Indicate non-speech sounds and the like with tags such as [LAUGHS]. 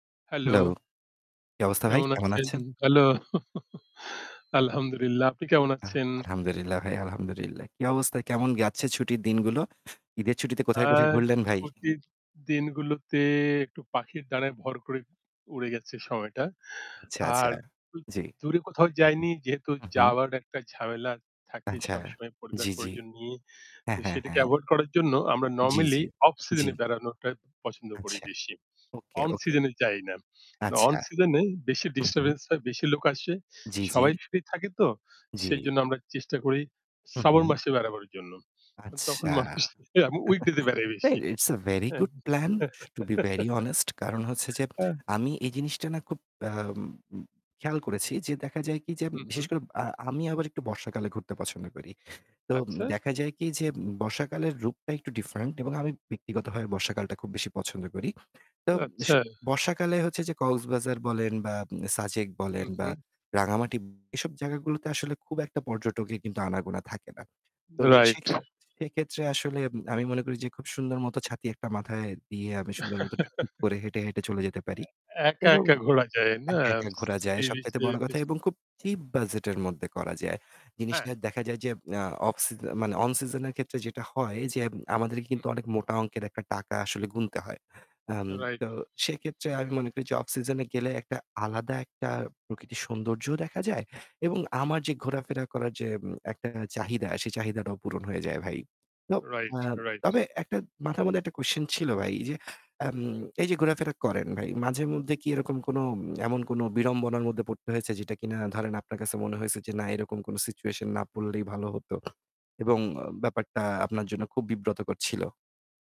Hello. Hello! কী অবস্থা ভাই কেমন কেমন আছেন? আছেন? ভালো? [CHUCKLES] আলহামদুলিল্লাহ। আপনি কেমন আহ! আছেন? আলহামদুলিল্লাহ ভাই, আলহামদুলিল্লাহ। কী অবস্থায় কেমন যাচ্ছে ছুটির দিনগুলো? ঈদের ছুটিতে আ কোথায় কোথায় ঘুরলেন ভাই? ছুটির দিনগুলোতে একটু পাখির ডানায় ভর করে উড়ে গেছে সময়টা। আচ্ছা, আচ্ছা আর জি। দূরে কোথাও উহুম। যায়নি যেহেতু উহুম। যাওয়ার একটা ঝামেলা থাকে আচ্ছা সবসময় পরিবার জি, জি। পরিজন নিয়ে। তো হ্যাঁ, হ্যাঁ, সেটাকে হ্যাঁ। এভয়েড করার জন্য আমরা জি, জি। নরমালি অফ জি। সিজনে এ বেড়ানোটা পছন্দ করি আচ্ছা। বেশি। ওকে, অন ওকে। সিজন এ যাই না। না অন আচ্ছা। সিজন এ বেশি হুম, হুম। ডিস্টার্বেন্স হয়, বেশি লোক আসে, জি, জি। সবাই ফ্রি থাকে তো জি। সেইজন্য আমরা চেষ্টা করি হুম, শ্রাবণ হুম। মাসে বেড়াবার জন্য। তখন আচ্ছা। মানুষ [SCOFFS] উইকডে তে বেড়ায় এ বেশি। ইটস আ ভেরি হ্যাঁ? Good plan to be very honest. কারণ হচ্ছে যে [LAUGHS] আমি এই জিনিসটা না খুব আ খেয়াল করেছি যে দেখা যায় কি যে বিশেষ উম-হুম। করে আ আমি আবার একটু বর্ষাকালে ঘুরতে পছন্দ করি। তো আচ্ছা। দেখা যায় কি যে, বর্ষাকালের রূপটা একটু ডিফারেন্ট এবং আমি ব্যক্তিগতভাবে বর্ষাকালটা খুব বেশি পছন্দ করি। তো স আচ্ছা। বর্ষাকালে হচ্ছে যে কক্সবাজার বলেন, বা সাজেক বলেন বা উম-হুম। রাঙামাটি এসব জায়গাগুলোতে আসলে খুব একটা পর্যটকের কিন্তু আনাগোনা থাকে না। তো রাইট। সেক্ষে [BLOWS AIR] সেক্ষেত্রে আসলে আমি মনে করি যে খুব সুন্দর মতো ছাতি একটা মাথায় দিয়ে। আমি সুন্দর মতো টুকটুক [GIGGLES] করে হেঁটে, হেঁটে চলে যেতে পারি। একা, এবং একা ঘোরা যায় না। একা, একা ঘোরা যায়। সি বিচ সবচাইতে এ বড় কথা বেশি। এবং খুব চিপ বাজেটের মধ্যে করা যায়। জিনিসটা হ্যাঁ। দেখা যায় যে আ অফ সিজ মানে অন সিজন এর ক্ষেত্রে যেটা হয়, যে আমাদেরকে হুম। কিন্তু অনেক মোটা অংকের টাকা আসলে গুনতে হয়। I'm right. তো সেক্ষেত্রে আমি মনে করি যে অফ সিজনে গেলে একটা আলাদা একটা প্রকৃতির সৌন্দর্যও দেখা যায়। এবং হুম। আমার যে ঘোরাফেরা করার যে উম একটা চাহিদা সেই চাহিদাটাও পূরণ হয়ে যায় ভাই। তো রাইট, আ রাইট। তবে একটা মাথার মধ্যে একটা কোয়েশ্চেন ছিল ভাই যে, আম এই যে ঘোরাফেরা করেন ভাই, মাঝে মধ্যে কি এরকম কোন এমন কোন বিড়ম্বনার মধ্যে পরতে হয়েছে? যেটা কিনা ধরেন আপনার কাছে মনে হয়েছে যে না এরকম কোন সিচুয়েশন না পরলেই ভালো হত, এবং ব্যাপারটা আপনার জন্য খুব বিব্রতকর ছিল?